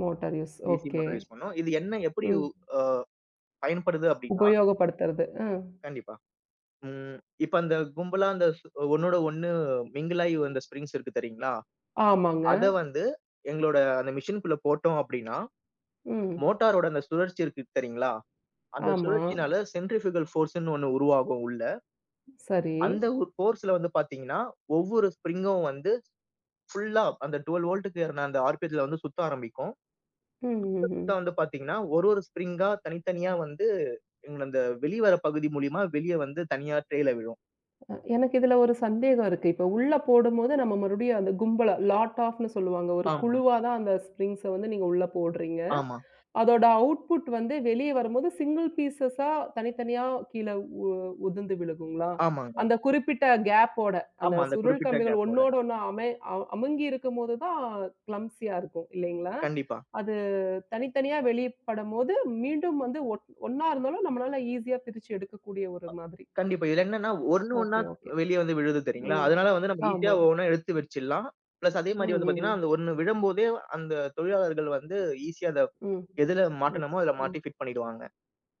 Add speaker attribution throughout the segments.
Speaker 1: Motor use.
Speaker 2: D C
Speaker 1: okay.
Speaker 2: Motor use பண்ணும். இது என்ன எப்படி உ
Speaker 1: ம்.
Speaker 2: ஆ பயன்படுது அப்படின்னா,
Speaker 1: உபயோகப்படுத்துறது, ம்.
Speaker 2: கண்டிப்பா. ம் இப்ப அந்த கும்பலா அந்த ஸ் ஒண்ணோடு ஒண்ணு மிங்கிலாயி வந்த ஸ்ப்ரிங்ஸ் இருக்கு தெரியுங்களா?
Speaker 1: ஆமாங்க.
Speaker 2: அத வந்து எங்களோட அந்த மெஷின்குள்ள போட்டோம் அப்படின்னா
Speaker 1: ம்.
Speaker 2: மோட்டாரோட அந்த சுழற்சி இருக்குது தெரியுங்களா? அந்த
Speaker 1: ஆமா.
Speaker 2: சுழற்சியினால சென்ட்ரிஃப்யூகல் ஃபோர்ஸுன்னு ஒண்ணு உருவாகும் உள்ள.
Speaker 1: சரி.
Speaker 2: அந்த ஒரு ஃபோர்ஸ்ல வந்து பார்த்தீங்கன்னா ஒவ்வொரு ஸ்ப்ரிங்கும் வந்து ஃபுல்லா அந்த 12 வோல்ட்டுக்கேறுன அந்த ஆர்.பி.எத்துல வந்து சுத்த ஆரம்பிக்கும்.
Speaker 1: ம்.
Speaker 2: சுத்த,
Speaker 1: ம்,
Speaker 2: சுத்த வந்து
Speaker 1: ம்.
Speaker 2: பார்த்தீங்கன்னா ஒரு ஒரு ஸ்ப்ரிங்கா தனித்தனியா வந்து, எங்க அந்த வெளிவர பகுதி மூலியமா வெளிய வந்து தனியா ட்ரேல விழும்.
Speaker 1: அ எனக்கு இதுல ஒரு சந்தேகம் இருக்கு. இப்ப உள்ள போடும்போது நம்ம மறுபடியும் அந்த கும்பல, லாட் ஆஃப்ன்னு சொல்லுவாங்க. ஒரு
Speaker 2: ஆமா.
Speaker 1: குழுவா தான் அந்த ஸ்பிரிங்ஸ வந்து நீங்க உள்ள போடுறீங்க.
Speaker 2: ஆமா.
Speaker 1: அதோட அவுட்புட் வந்து வெளிய வரும்போது சிங்கள் பீசஸா தனித்தனியா கீழே உ உதிர்ந்து விழுங்குங்களா?
Speaker 2: ஆமாங்க.
Speaker 1: அந்த குறிப்பிட்ட கேப் ஓட, அந்த
Speaker 2: ஆமா, அந்த
Speaker 1: சுருள்
Speaker 2: குறிப்பிட்ட
Speaker 1: கம்பிகள்
Speaker 2: கேப்போட.
Speaker 1: ஒண்ணோடு ஒண்ணு அமை அவ் அமுங்கியிருக்கும்போது தான் க்ளம்ப்சியா இருக்கும். இல்லைங்களா?
Speaker 2: கண்டிப்பா.
Speaker 1: அது தனித்தனியா வெளியப்படும்போது மீண்டும் வந்து ஒன் ஒண்ணா இருந்தாலும் நம்மளால ஈசியா பிரிச்சு எடுக்கக்கூடிய ஒரு மாதிரி.
Speaker 2: கண்டிப்பா. இதுல என்னன்னா ஒ ஒண்ணு ஒண்ணா
Speaker 1: ஓகே,
Speaker 2: த்
Speaker 1: ஓகே.
Speaker 2: வெளிய வந்து விழுது தெரியுங்களா?
Speaker 1: ம்.
Speaker 2: அதனால வந்து நம்ப ஈசியா
Speaker 1: ஆமா.
Speaker 2: ஒவ்வொண்ணா எடுத்து வெர்ச்சிரலாம். ப்ளஸ் அதே மாதிரி வந்து
Speaker 1: ம்ஹ்ம்.
Speaker 2: பாத்தீங்கன்னா அந்த ஒண்ணு விழும்போதே அந்த தொழிலாளர்கள் வந்து ஈசியா அத
Speaker 1: ம்.
Speaker 2: எதுல
Speaker 1: ம்.
Speaker 2: மாட்டணுமோ, அதுல
Speaker 1: ம்.
Speaker 2: மாட்டி ஃபிட் பண்ணிடுவாங்க.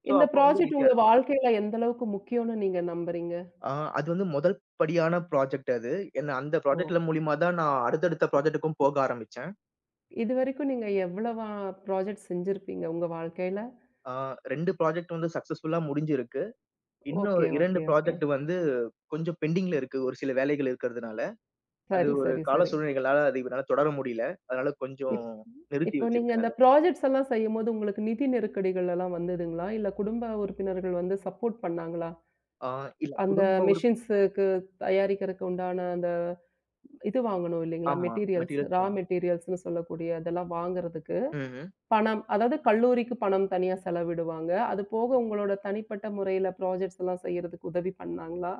Speaker 2: சோ,
Speaker 1: இந்த
Speaker 2: அப்ப வந்து
Speaker 1: ப்ராஜெக்ட்
Speaker 2: ஈசியா
Speaker 1: உங்க
Speaker 2: இருக்கும்.
Speaker 1: வாழ்க்கையில எந்த அளவுக்கு முக்கியோன்னு நீங்க நம்புறீங்க?
Speaker 2: ஆ அது வந்து முதல் படியான ப்ராஜெக்ட் அது. என்ன அந்த
Speaker 1: ஓ.
Speaker 2: ப்ராஜெக்ட்ல மூலியமா தான் நான் அடுத்தடுத்த ப்ராஜெக்ட்டுக்கும் போக ஆரம்பிச்சேன்.
Speaker 1: இதுவரைக்கும் நீங்க எவ்வளவா ப்ராஜெக்ட் செஞ்சிருப்பீங்க உங்க வாழ்க்கையில?
Speaker 2: ஆ 2 ப்ராஜெக்ட் வந்து சக்ஸஸ்ஃபுள்ளா முடிஞ்சிருக்கு. இன்னும்
Speaker 1: ஓகே,
Speaker 2: 2
Speaker 1: ஓகே, ஓகே.
Speaker 2: ப்ராஜெக்ட் வந்து கொஞ்சம் பெண்டிங்ல இருக்கு, ஒரு சில வேலைகள் இருக்குறதுனால. அது
Speaker 1: சரி,
Speaker 2: ஒரு
Speaker 1: சரி,
Speaker 2: கால
Speaker 1: சரி.
Speaker 2: சூழ்நிலைகளால அது இப்ப என்னால தொடர முடியல. அதனால கொஞ்சம்
Speaker 1: இப்
Speaker 2: நிறுத்தி
Speaker 1: இப்ப நீங்க
Speaker 2: வச்சிருக்கேன்
Speaker 1: அந்த
Speaker 2: அதை.
Speaker 1: ப்ரொஜெக்ட்ஸ் எல்லாம் செய்யும்போது உங்களுக்கு நிதி நெருக்கடிகள் எல்லாம் வந்ததுங்களா? இல்ல குடும்ப உறுப்பினர்கள் வந்து சப்போர்ட் பண்ணாங்களா?
Speaker 2: ஆ இல்ல,
Speaker 1: அந்த
Speaker 2: குடும்ப உறுப்
Speaker 1: மெஷின்ஸுக்கு தயாரிக்கருக்கு உண்டான அந்த இது வாங்கணும். இல்லீங்களா?
Speaker 2: ஆமா
Speaker 1: மெட்டீரியல்ஸ்,
Speaker 2: மெட்டீரியல்ஸ் தான்.
Speaker 1: ராமெட்டீரியல்ஸ்ன்னு சொல்லக்கூடிய அதெல்லாம் வாங்குறதுக்கு,
Speaker 2: ம், ம்.
Speaker 1: பணம் அதாவது கல்லூரிக்குப் பணம் தனியா செலவிடுவாங்க. அது போக உங்களோட தனிப்பட்ட முறையில ப்ரோஜக்ட்ஸ் எல்லாம் செய்யறதுக்கு உதவி பண்ணாங்களா?